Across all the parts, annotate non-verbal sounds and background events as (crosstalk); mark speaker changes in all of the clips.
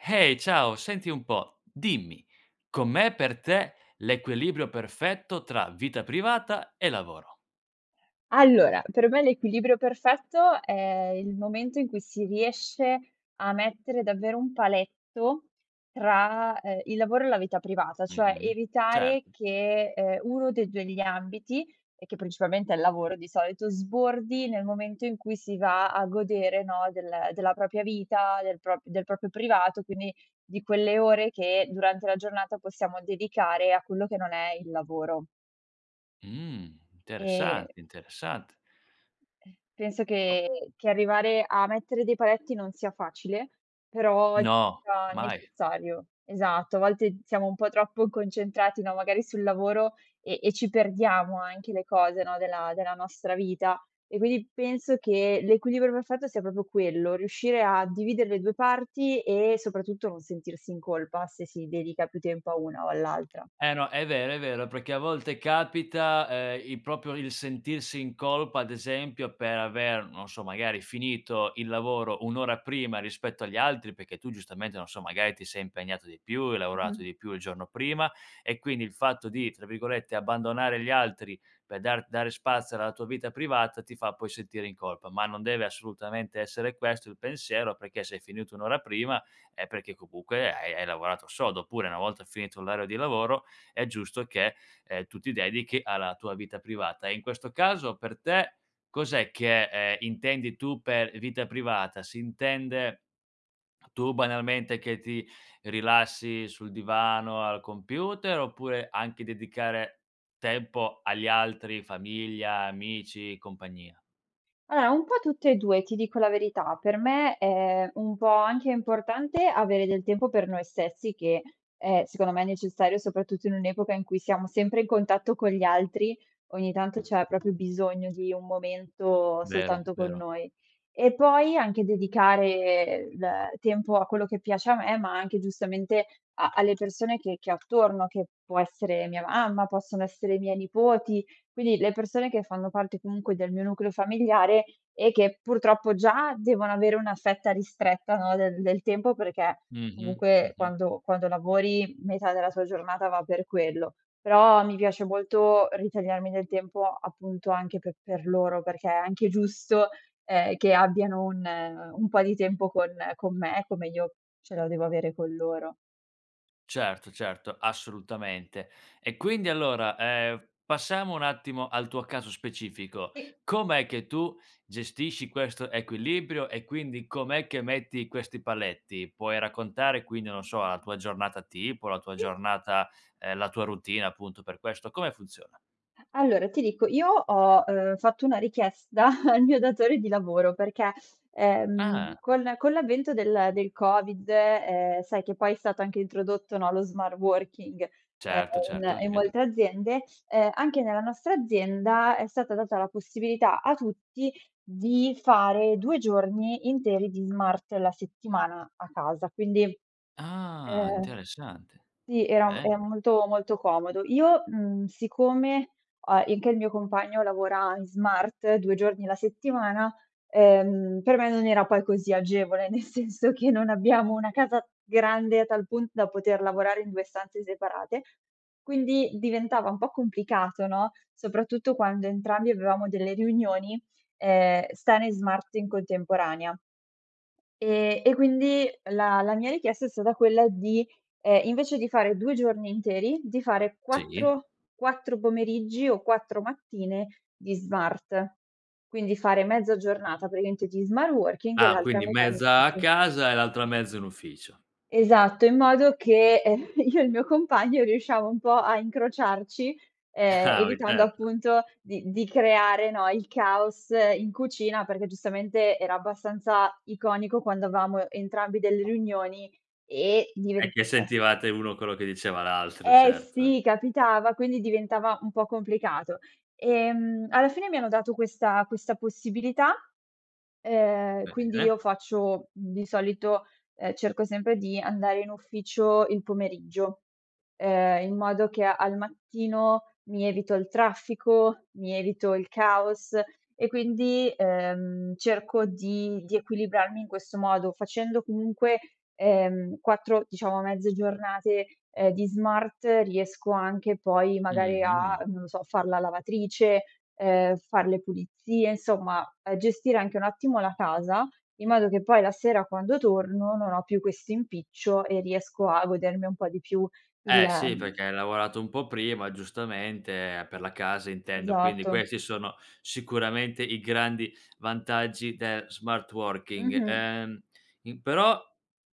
Speaker 1: Ehi ciao, senti un po', dimmi, com'è per te l'equilibrio perfetto tra vita privata e lavoro.
Speaker 2: Allora, per me l'equilibrio perfetto, è il momento in cui si riesce a mettere davvero un paletto tra, ehm, il lavoro e la vita privata,
Speaker 1: Mh
Speaker 2: cioè,
Speaker 1: mh
Speaker 2: evitare
Speaker 1: certo.
Speaker 2: che, ehm, 1 dei 2 degli ambiti, e che principalmente è il lavoro di solito, sbordi nel momento in cui si va a godere no del della propria vita, del propr del proprio privato quindi, di quelle ore che durante la giornata possiamo dedicare a quello che non è il lavoro.
Speaker 1: Mh,
Speaker 2: E
Speaker 1: interessante, interessante.
Speaker 2: E penso
Speaker 1: Oh
Speaker 2: che che arrivare a mettere dei paletti non sia facile, però
Speaker 1: No,
Speaker 2: sia
Speaker 1: mai.
Speaker 2: necessario. Esatto, a volte siamo un po' troppo concentrati no, magari sul lavoro e e ci perdiamo anche le cose no, della della nostra vita; e quindi penso che l'equilibrio perfetto sia proprio quello: riuscire a dividere le 2 parti e soprattutto non sentirsi in colpa se si dedica più tempo a una o all'altra.
Speaker 1: Eh no, è vero, è vero perché a volte capita, ehm, il proprio il sentirsi in colpa ad esempio per aver, non so magari, finito il lavoro 1 ora prima rispetto agli altri perché tu giustamente, non so, magari ti sei impegnato di più, hai
Speaker 2: Mh
Speaker 1: lavorato
Speaker 2: mh.
Speaker 1: di più il giorno prima e quindi il fatto di tra virgolette, "abbandonare gli altri", per dar dare spazio alla tua vita privata ti fa poi sentire in colpa, ma non deve assolutamente essere questo il pensiero perché se hai finito 1 ora prima, è perché comunque hai hai lavorato sodo, oppure una volta finito l'orario di lavoro, è giusto che tu ti dedichi alla tua vita privata; e in questo caso per te cos'è che, ehm, intendi tu per vita privata? Si intende tu banalmente che ti rilassi sul divano, al computer oppure anche dedicare tempo agli altri: famiglia, amici, compagnia?
Speaker 2: Allora un po' tutte e 2, ti dico la verità per me è un po' anche importante avere del tempo per noi stessi, che è secondo me necessario soprattutto in un'epoca in cui siamo sempre in contatto con gli altri, ogni tanto c'è proprio bisogno di un momento
Speaker 1: Vero,
Speaker 2: soltanto con
Speaker 1: vero.
Speaker 2: noi. E poi anche dedicare d ehm tempo a quello che piace a me, ma anche giustamente a alle persone che che ho attorno, che può essere mia mamma, possono essere i miei nipoti; quindi le persone che fanno parte comunque del mio nucleo familiare e che purtroppo, già devono avere una fetta ristretta no, del del tempo perché
Speaker 1: Mh-mh,
Speaker 2: comunque
Speaker 1: mh-mh.
Speaker 2: quando quando lavori metà della tua giornata va per quello, però mi piace molto ritagliarmi del tempo appunto anche pe per loro perché è anche giusto, ehm, che abbiano un un po' di tempo con con me, come io ce lo devo avere con loro.
Speaker 1: Certo, certo assolutamente e quindi allora, ehm, passiamo un attimo al tuo caso specifico,
Speaker 2: Sì.
Speaker 1: com'è che tu gestisci questo equilibrio e quindi com'è che metti questi paletti? Puoi raccontare quindi, non so, la tua giornata tipo, la tua
Speaker 2: Sì.
Speaker 1: giornata ehm, la tua routine appunto per questo, come funziona?
Speaker 2: Allora, ti dico io ho, ehm, fatto una richiesta (chuckles) al mio datore di lavoro perché, ehm,
Speaker 1: Ah.
Speaker 2: con con l'avvento del del Covid, ehm, sai che poi è stato anche introdotto, no, lo smart working, ehm,
Speaker 1: Certo,
Speaker 2: in
Speaker 1: certo
Speaker 2: in
Speaker 1: sì.
Speaker 2: molte aziende, ehm, anche nella nostra azienda, è stata data la possibilità a tutti di fare 2 giorni interi di smart la settimana a casa quindi,
Speaker 1: Ah
Speaker 2: ehm
Speaker 1: interessante,
Speaker 2: sì era è
Speaker 1: bene.
Speaker 2: molto, molto comodo. Io, mhmm, siccome ho anche il mio compagno lavora in smart 2 giorni la settimana, ehm, per me non era poi così agevole, nel senso che non abbiamo una casa grande a tal punto da poter lavorare in 2 stanze separate, quindi diventava un po' complicato no, soprattutto quando entrambi avevamo delle riunioni, ehm, stare smart in contemporanea. E e quindi la la mia richiesta è stata quella di ehm, invece di fare 2 giorni interi di fare
Speaker 1: Sì.
Speaker 2: 4- 4 pomeriggi o 4 mattine di smart; quindi fare mezza giornata praticamente di smart working e
Speaker 1: Ah
Speaker 2: l'altra
Speaker 1: quindi
Speaker 2: metà in
Speaker 1: mezza a
Speaker 2: ufficio.
Speaker 1: casa e l'altra mezza in ufficio.
Speaker 2: Esatto, in modo che (chuckles) io e il mio compagno riusciamo un po' a incrociarci, ehm,
Speaker 1: (chuckles) (unintelligible)
Speaker 2: evitando
Speaker 1: Certo.
Speaker 2: appunto di di creare, no, il caos in cucina perché, giustamente era abbastanza iconico quando avevamo entrambi delle riunioni e diven
Speaker 1: E che
Speaker 2: eh
Speaker 1: sentivate uno quello che diceva l'altro,
Speaker 2: Eh
Speaker 1: certo.
Speaker 2: sì capitava, quindi diventava un po' complicato. Ehm, alla fine mi hanno dato questa questa possibilità, ehm, quindi io
Speaker 1: Bene.
Speaker 2: faccio di solito, ehm, cerco sempre di andare in ufficio il pomeriggio, ehm, in modo che al mattino mi evito il traffico, mi evito il caos e quindi, ehm, cerco di di equilibrarmi in questo modo facendo comunque, ehm, 4, diciamo, mezze giornate di smart riesco anche poi
Speaker 1: Mh-mh,
Speaker 2: magari
Speaker 1: mh-mh.
Speaker 2: a, non lo so, a far la lavatrice, ehm, far le pulizie, insomma gestire anche un attimo la casa in modo che poi la sera quando torno non ho più questo impiccio e riesco a godermi un po' di più il,
Speaker 1: Eh sì,
Speaker 2: ehm
Speaker 1: perché hai lavorato un po' prima giustamente per la casa intendo, quindi
Speaker 2: Esatto.
Speaker 1: questi sono sicuramente i grandi vantaggi del smart working;
Speaker 2: Mh-mh.
Speaker 1: ehm, in però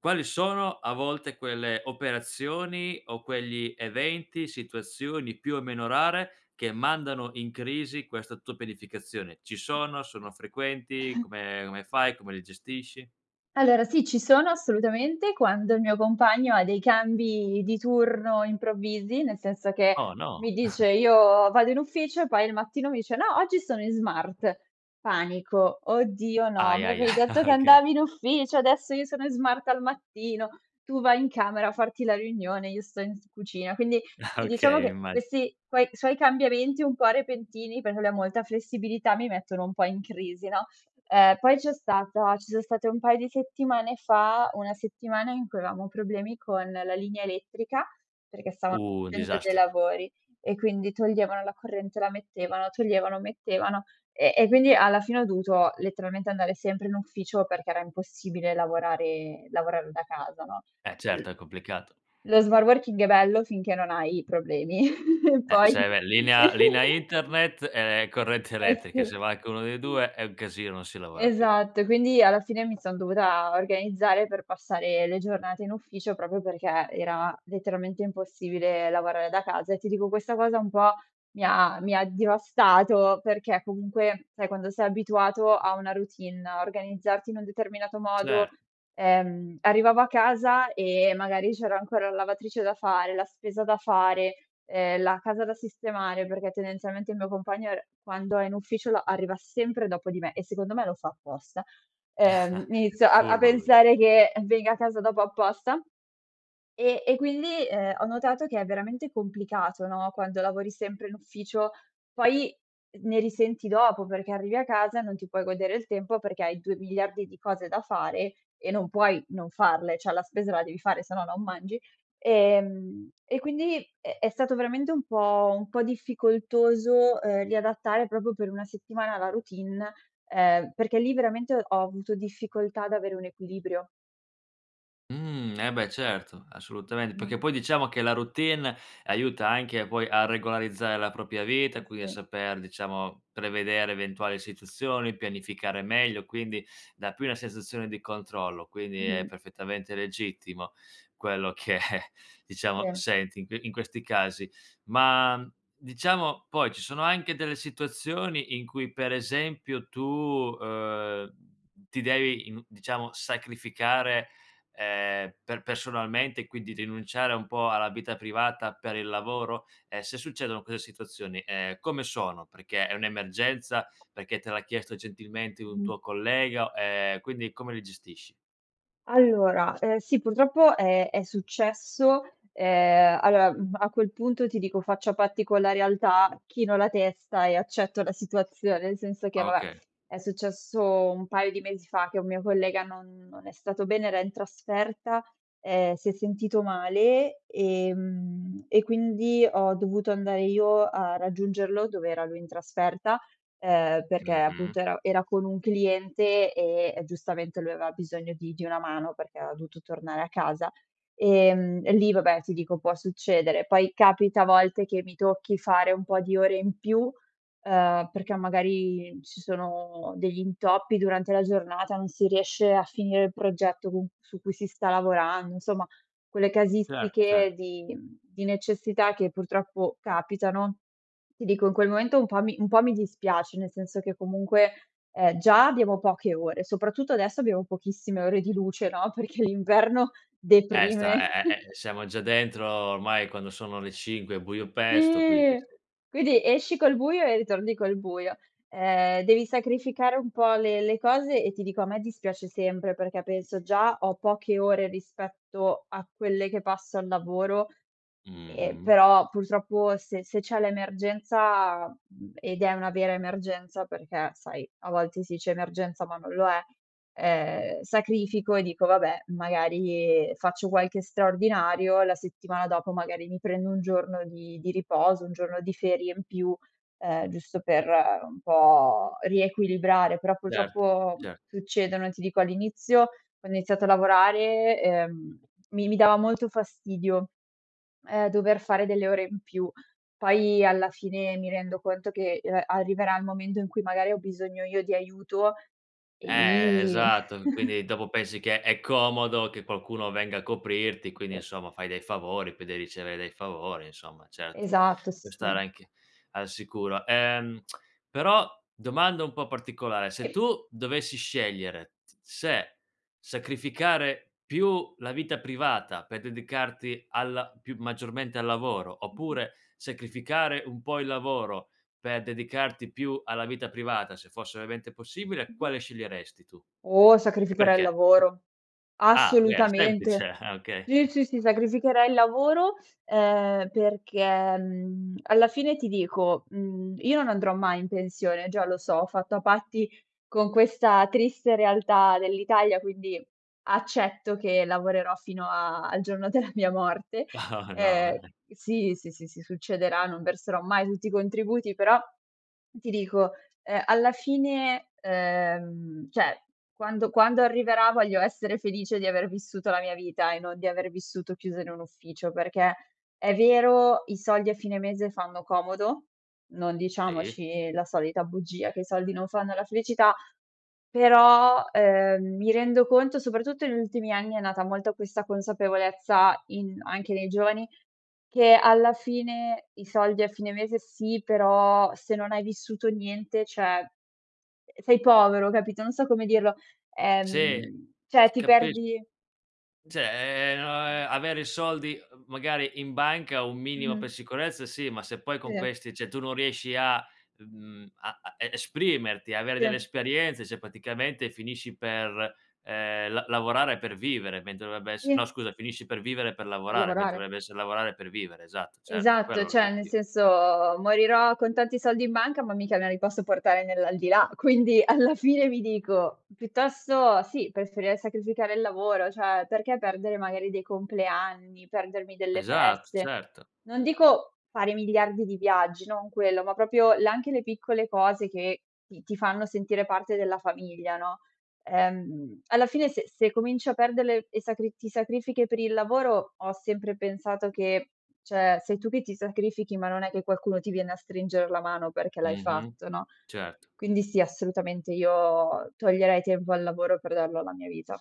Speaker 1: quali sono a volte quelle operazioni, o quegli eventi, situazioni più o meno rare, che mandano in crisi questa tua pianificazione. Ci sono? Sono frequenti?
Speaker 2: (chuckles)
Speaker 1: Come come fai? Come li gestisci?
Speaker 2: Allora sì ci sono assolutamente quando il mio compagno ha dei cambi di turno improvvisi, nel senso che
Speaker 1: Oh, no!
Speaker 2: mi dice:
Speaker 1: (chuckles)
Speaker 2: "Io vado in ufficio." E poi il mattino mi dice: "No oggi sono in smart." Panico: "Oddio no,
Speaker 1: Ahi,
Speaker 2: mi
Speaker 1: ahi,
Speaker 2: avevi
Speaker 1: ahi.
Speaker 2: detto
Speaker 1: Ah,
Speaker 2: che
Speaker 1: oka
Speaker 2: andavi in ufficio, adesso io sono in smart al mattino, tu vai in camera a farti la riunione io sto in s cucina." Quindi,
Speaker 1: Ah,
Speaker 2: sì, diciamo
Speaker 1: okay,
Speaker 2: che
Speaker 1: immagi
Speaker 2: questi quoi suoi cambiamenti un po' repentini, perché lui ha molta flessibilità, mi mettono un po' in crisi, no. Uhm, poi c'è stata ci son state un paio di settimane fa, una settimana in cui avevamo problemi con la linea elettrica, perché stavano
Speaker 1: Un
Speaker 2: facendo dei
Speaker 1: disastro.
Speaker 2: lavori e quindi toglievano la corrente, la mettevano, toglievano, mettevano e e quindi alla fine ho dovuto letteralmente andare sempre in ufficio perché era impossibile lavorare lavorare da casa, no?.
Speaker 1: Eh,
Speaker 2: (unintelligible)
Speaker 1: certo è complicato.
Speaker 2: Lo smart working è bello finché non hai problemi (chuckles)
Speaker 1: Eh,
Speaker 2: poi
Speaker 1: se v è linea linea
Speaker 2: (giggles)
Speaker 1: internet è è corrente
Speaker 2: Eh s
Speaker 1: elettrica, se manca uno dei
Speaker 2: (unintelligible)
Speaker 1: 2 è un casino non si lavora più.
Speaker 2: Esatto e quindi alla fine mi son dovuta organizzare per passare le giornate in ufficio, proprio perché era letteralmente impossibile lavorare da casa, e ti dico questa cosa un po' mi ha mi ha devastato, perché comunque, sai, quando sei abituato a una routine, a organizzarti in un determinato modo
Speaker 1: Cer
Speaker 2: ehm, arrivavo a casa e magari c'era ancora la lavatrice da fare, la spesa da fare, ehm, la casa da sistemare, perché tendenzialmente il mio compagno è r quando è in ufficio la arriva sempre dopo di me e secondo me lo fa apposta. Ehm, inizio
Speaker 1: (chuckles)
Speaker 2: a a
Speaker 1: Furbo lui.
Speaker 2: pensare che, uhm, venga a casa dopo apposta e e quindi, ehm, ho notato che è veramente complicato, no, quando lavori sempre in ufficio, poi ne risenti dopo perché arrivi a casa e non ti puoi godere il tempo, perché hai 2 miliardi di cose da fare e non puoi non farle, cioè la spesa la devi fare, se no non mangi, ehm, e quindi è è stato veramente un po' un po' difficoltoso, uhm, riadattare proprio per una settimana la routine, ehm, perché lì veramente ho avuto difficoltà ad avere un equilibrio.
Speaker 1: Mh, eh, beh, certo assolutamen
Speaker 2: Mh-mh.
Speaker 1: perché poi diciamo che la routine aiuta anche poi a regolarizzare la propria vita,
Speaker 2: Eh,
Speaker 1: quindi a
Speaker 2: sì.
Speaker 1: saper, diciamo, prevedere eventuali situazioni, pianificare meglio, quindi dà più una sensazione di controllo, quindi è
Speaker 2: Mh-mh.
Speaker 1: perfettamente legittimo quello che diciamo
Speaker 2: Se
Speaker 1: senti in que in questi casi. Ma diciamo poi ci sono anche delle situazioni in cui per esempio tu, uhm, ti devi in diciamo sacrificare, ehm, per personalmente quindi rinunciare a un po' alla vita privata per il lavoro? E se succedono queste situazioni, ehm, come sono? Perché è un'emergenza, perché te l'ha chiesto gentilmente un
Speaker 2: Mh-mh.
Speaker 1: tuo collega? Ehm, quindi come li gestisci?
Speaker 2: Allora, uhm, sì purtroppo è è successo ehm, allora, mhmm, a quel punto ti dico faccio a patti con la realtà, chino la testa e accetto la situazione, nel senso che
Speaker 1: Ah,
Speaker 2: vabbè,
Speaker 1: oka
Speaker 2: è successo un paio di mesi fa che un mio collega non non è stato bene era in trasferta, ehm, si è sentito male ehm, e quindi ho dovuto andare io a raggiungerlo dov'era lui in trasferta, ehm, perché
Speaker 1: Mh-mh.
Speaker 2: appunto, era era con un cliente e e giustamente, lui aveva bisogno di di una mano perché era dovuto tornare a casa. Ehm, e lì vabbè, ti dico può succedere. Poi capita a volte che mi tocchi fare un po' di ore in più, uhm, perché magari ci sono degli intoppi durante la giornata, non si riesce a finire il progetto con c su cui si sta lavorando insomma quelle
Speaker 1: Cer
Speaker 2: casistiche
Speaker 1: certo.
Speaker 2: di mhmm, di necessità che purtroppo capitano. Ti dico in quel momento un po' mi un po' mi dispiace, nel senso che comunque, uhm, già abbiamo poche ore, soprattutto adesso abbiamo pochissime ore di luce no, perché l'inverno
Speaker 1: Eh, sta
Speaker 2: deprime.
Speaker 1: è è è uhm,
Speaker 2: (chuckles)
Speaker 1: siamo già dentro ormai quando sono le 5 è buio pesto quindi,
Speaker 2: Sì.
Speaker 1: sì.
Speaker 2: Quindi esci col buio e ritorni col buio. Ehm, devi sacrificare un po' le le cose e ti dico a me dispiace sempre, perché penso: "Già ho poche ore rispetto a quelle che passo al lavoro." Ehm,
Speaker 1: Mh-mh.
Speaker 2: però, purtroppo, se se c'è l'emergenza, mhmm, ed è una vera emergenza perché sai a volte sì dice emergenza ma non lo è, ehm, sacrifico e dico: "Vabbè magari faccio qualche straordinario." La settimana dopo magari mi prendo un giorno di di riposo, un giorno di ferie in più, ehm, giusto per un po' riequilibrare. Però,
Speaker 1: Cert
Speaker 2: purtroppo,
Speaker 1: cer
Speaker 2: succedono e ti dico all'inizio ho iniziato a lavorare, uhm, mi mi dava molto fastidio, ehm, dover fare delle ore in più. Poi alla fine mi rendo conto che, uhm, arriverà il momento in cui magari ho bisogno io di aiuto e
Speaker 1: Eh,
Speaker 2: lì
Speaker 1: esatto. Mhmm,
Speaker 2: (chuckles)
Speaker 1: quindi dopo pensi che è comodo che qualcuno venga a coprirti; quindi
Speaker 2: Sì.
Speaker 1: insomma fai dei favori, poi dei ricevere dei favori insomma certo.
Speaker 2: Esatto, sì,
Speaker 1: Puoi stare
Speaker 2: sì.
Speaker 1: anche al sicuro. Ehm, (clicks tongue) però domanda un po' particolare: se
Speaker 2: I
Speaker 1: tu dovessi scegliere se sacrificare più la vita privata per dedicarti alla più maggiormente al lavoro
Speaker 2: Mh-mh.
Speaker 1: oppure sacrificare un po' il lavoro per dedicarti più alla vita privata, se fosse ovviamente possibile
Speaker 2: Mh-mh.
Speaker 1: quale sceglieresti tu?
Speaker 2: Mh-mh. Oh,
Speaker 1: E
Speaker 2: sacrificherei il
Speaker 1: perché?
Speaker 2: lavoro,
Speaker 1: Ah, beh, semplice,
Speaker 2: assolutamente,
Speaker 1: ah, okay.
Speaker 2: sì,
Speaker 1: (chuckles)
Speaker 2: sì, sì sacrificherei il lavoro, ehm, perché, mhmm, alla fine ti dico, mhmm, io no andrò mai in pensione già lo so, ho fatto a patti con questa triste realtà dell'Italia, quindi, accetto che lavorerò fino a al giorno della mia morte,
Speaker 1: (chuckles)
Speaker 2: ehm,
Speaker 1: No,
Speaker 2: uhm,
Speaker 1: no.
Speaker 2: sì, sì, sì, sì, succederà non verserò mai tutti i contributi, però ti dico, ehm, alla fine uhm, cioè quando quando arriverà voglio essere felice di aver vissuto la mia vita e non di aver vissuto chiusa in un ufficio; perché è vero i soldi a fine mese fanno comodo, non
Speaker 1: Sì.
Speaker 2: diciamoci la solita bugia, che i soldi non fanno la felicità, però, ehm, mi rendo conto, soprattutto negli ultimi anni, è nata molto questa consapevolezza in anche nei giovani che alla fine i soldi a fine mese sì, però, se non hai vissuto niente, cioè, ehm, sei povero capito, non so come dirlo
Speaker 1: Sì,
Speaker 2: ehm, cioè,
Speaker 1: sì
Speaker 2: ti
Speaker 1: capisc
Speaker 2: perdi
Speaker 1: Cioè, ehm, no avere i soldi, uhm, magari in banca un minimo per
Speaker 2: Mh-mh.
Speaker 1: sicurezza sì, ma se poi con
Speaker 2: Se.
Speaker 1: questi, cioè, tu non riesci a mhmm, a a e esprimerti, avere delle
Speaker 2: Se.
Speaker 1: esperienze, cioè, praticamente finisci per, ehm, la lavorare per vivere mentre dovrebbe essere no
Speaker 2: Sì.
Speaker 1: scusa, finisci per vivere per
Speaker 2: Per
Speaker 1: lavorare mentre
Speaker 2: lavorare.
Speaker 1: dovrebbe essere lavorare per vivere, esatto, certo quello
Speaker 2: Esatto,
Speaker 1: è
Speaker 2: cioè nel
Speaker 1: l'obiettivo.
Speaker 2: senso, morirò con tanti soldi in banca, ma mica me li posso portare nell'aldilà, quindi alla fine mi dico piuttosto sì, preferirei sacrificare il lavoro, cioè perché perdere magari dei compleanni, perdermi delle
Speaker 1: Esatto,
Speaker 2: feste.
Speaker 1: certo.
Speaker 2: Non dico fare miliardi di viaggi, non quello, ma proprio la anche le piccole cose che ti ti fanno sentire parte della famiglia, no, ehm, alla fine se se cominci a perderle e sacri ti sacrifichi per il lavoro ho sempre pensato che cioè sei tu che ti sacrifichi ma non è che qualcuno ti viene a stringere la mano perché l'hai
Speaker 1: Mh-mh,
Speaker 2: fatto no?
Speaker 1: certo.
Speaker 2: Quindi, sì, assolutamente io toglierei tempo al lavoro per darlo alla mia vita.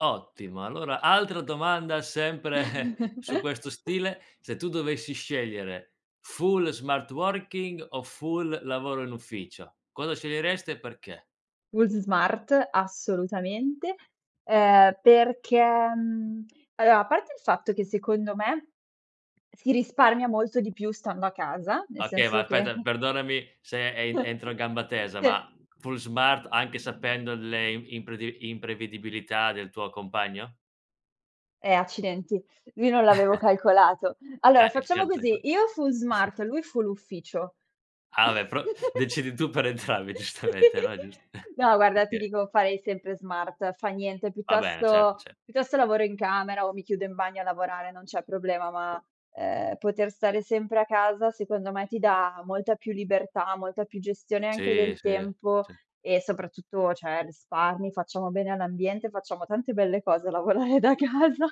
Speaker 1: Ottimo, allora altra domanda sempre su questo
Speaker 2: (chuckles)
Speaker 1: stile: se tu dovessi scegliere full smart working o full lavoro in ufficio cosa sceglieresti e perché?
Speaker 2: Fulls smart assolutamente. Ehm, perché, mhmm, (smacks lips) allora a parte il fatto che secondo me si risparmia molto di più stando a casa, nel
Speaker 1: Okay va
Speaker 2: senso che
Speaker 1: aspetta perdonami se, e entro
Speaker 2: (chuckles)
Speaker 1: in gamba tesa
Speaker 2: Sì.
Speaker 1: ma full smart anche sapendo le im impredi imprevedibilità del tuo compagno?
Speaker 2: Eh accidenti! Lui non l'avevo
Speaker 1: (chuckles)
Speaker 2: calcolato. Allora
Speaker 1: Eh il
Speaker 2: facciamo
Speaker 1: certo e co
Speaker 2: così: io full smart,
Speaker 1: (chuckles)
Speaker 2: lui full ufficio.
Speaker 1: Ah vabbè, però decidi tu per
Speaker 2: (laughs)
Speaker 1: entrambi giustamente, no, è giust
Speaker 2: Si.
Speaker 1: (chuckles)
Speaker 2: No guarda ti
Speaker 1: okay.
Speaker 2: dico farei sempre smart, fa niente
Speaker 1: Va bene certo,
Speaker 2: piuttosto
Speaker 1: cer
Speaker 2: piuttosto lavoro in camera o mi chiudo in bagno a lavorare, non c'è problema ma ehm, poter stare sempre a casa secondo me ti dà molta più libertà, molta più gestione anche
Speaker 1: Sì,
Speaker 2: del
Speaker 1: sì.
Speaker 2: tempo
Speaker 1: Sì.
Speaker 2: e soprattutto cioè risparmi, facciamo bene all'ambiente, facciamo tante belle cose a lavorare da casa.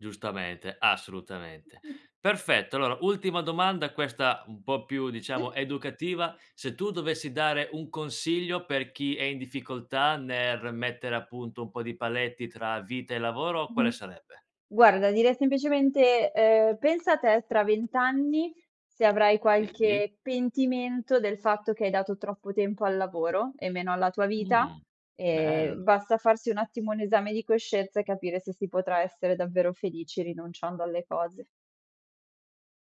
Speaker 1: Giustamente, assolutamente. Perfetto, allora ultima domanda, questa un po' più diciamo
Speaker 2: Sì.
Speaker 1: educativa: se tu dovessi dare un consiglio per chi è in difficoltà nel mettere appunto un po' di paletti tra vita e lavoro quale
Speaker 2: Mh-mh.
Speaker 1: sarebbe?
Speaker 2: Guarda direi semplicemente, ehm, pensa te tra 20 anni, se avrai
Speaker 1: Sì.
Speaker 2: qualche pentimento del fatto che hai dato troppo tempo al lavoro e meno alla tua vita,
Speaker 1: Uhm.
Speaker 2: ehm,
Speaker 1: Bell
Speaker 2: basta farsi un attimo un esame di coscienza e capire se si potrà essere davvero felici rinunciando alle cose.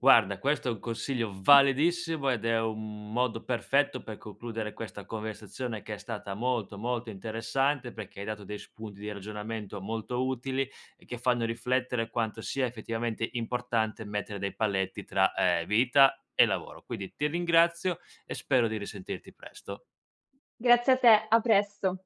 Speaker 1: Guarda questo è un consiglio validissimo ed è un modo perfetto per concludere questa conversazione che è stata molto, molto interessante perché hai dato dei spunti di ragionamento molto utili e che fanno riflettere quanto sia effettivamente importante mettere dei paletti tra, ehm, vita e lavoro. Quindi ti ringrazio e spero di risentirti presto.
Speaker 2: Grazie a te, a presto.